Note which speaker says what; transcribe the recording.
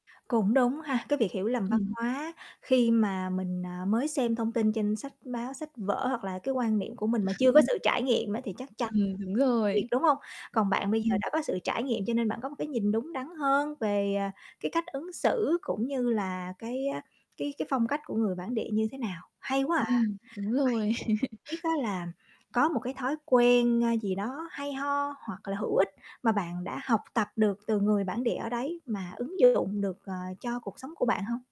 Speaker 1: Cũng đúng ha, cái việc hiểu lầm văn
Speaker 2: Ừm.
Speaker 1: hóa khi mà mình, ờ, mới xem thông tin trên sách báo, sách vở, hoặc là cái quan niệm của mình mà chưa có sự trải nghiệm á thì chắc chắn
Speaker 2: Ừm, đúng
Speaker 1: việc,
Speaker 2: rồi.
Speaker 1: đúng hông? Còn bạn bây giờ
Speaker 2: Ừm.
Speaker 1: đã có sự trải nghiệm cho nên bạn có một cái nhìn đúng đắn hơn về, à, cái cách ứng xử, cũng như là cái, á, cái cái phong cách của người bản địa như thế nào. Hay quá à!
Speaker 2: Ừm, đúng rồi.
Speaker 1: Vậy thì biết á là có một cái thói quen, a, gì đó hay ho, hoặc là hữu ích mà bạn đã học tập được từ người bản địa ở đấy mà ứng dụng được, ờ, cho cuộc sống của bạn hông?